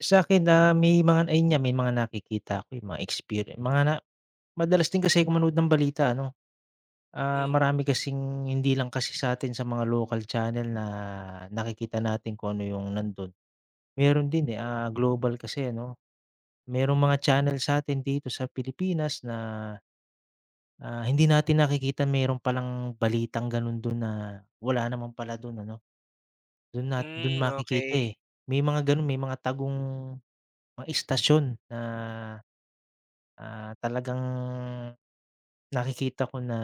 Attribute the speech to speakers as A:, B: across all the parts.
A: Sakin na may mga ayan nga may mga nakikita ako, eh, mga experien mga na madalas din kasi ako manood ng balita, ano? Ah,
B: Hmm.
A: marami kasing hindi lang kasi satin sa mga local channel na nakikita natin kung ano yung nandun. Meron din, eh,
B: Hmm
A: ah, global kasi ano. Merong mga channel sa'tin dito sa Pilipinas na, ah, hindi natin nakikita merong pa lang balitang ganun dun na wala naman pala dun, ano. Dun nat dun
B: Hmm,
A: makikita,
B: okey.
A: eh, may mga ganon. May mga tagong ma istasyon na, ah, talagang nakikita ko na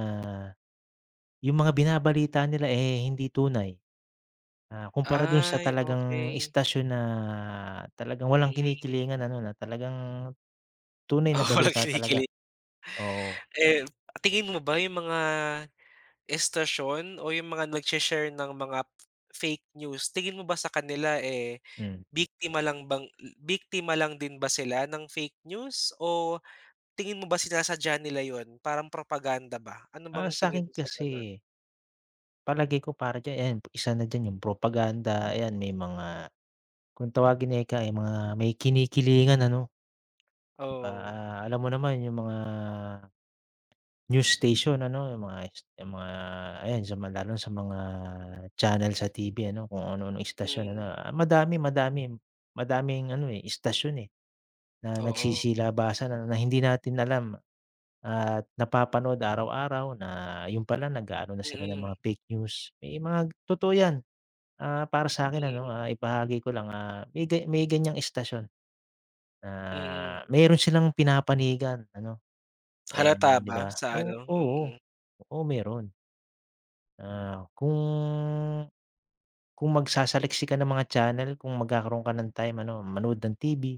A: yung mga binabalita nila, eh, hindi tunay. Ah, kumpara dun sa
B: Ay,
A: talagang
B: okey.
A: istasyon na talagang walang
B: Mm.
A: kinikilingan ano na talagang tunay na
B: Oo, like
A: balita talaga,
B: kinikili
A: oo.
B: Eh, yun. Tingin mo ba yung mga istasyon o yung mga nagshi-share ng mga fake news tingin mo ba sa kanila, eh,
A: Hmm.
B: biktima lang bang, hmm biktima lang din ba sila ng fake news o tingin mo ba sinasadya nila yun parang propaganda ba? Ano
A: Ah,
B: bang tingin
A: sa'kin
B: mo sa ganon?
A: kasi palagay ko para diyan ayan, isa na diyan yung propaganda, ayan. May mga kung tawagin ika ay mga may kinikilingan, ano? Pa
B: Oo.
A: ah, alam mo naman yung mga news station, ano? Yung mga yung s 'yong mga ayan sa ma lalo na sa mga channel sa TV, ano kung ano-anong istasyon, ano.
B: Mm.
A: Ah, madami, madamim madaming ano, eh, istasyon, eh, na
B: Oo.
A: nagsisilabasan na hindi natin alam at napapanood araw-araw na yun pala nag-aano na sila ng
B: Mm.
A: mga fake news, may mga g totoo yan. Ah, para sa'kin ano,
B: Mm.
A: ah, ibahagi ko lang, ah, may gay may ganyang istasyon na
B: Mm.
A: meron silang pinapanigan ano.
B: Halata
A: Eh, di
B: ba
A: ba
B: sa
A: o
B: ano?
A: oo,
B: Mm.
A: oo meron. Ah, kung kung magsasaliksik ka ng mga channel kung magkakaroon ka ng time ano, manood ng TV.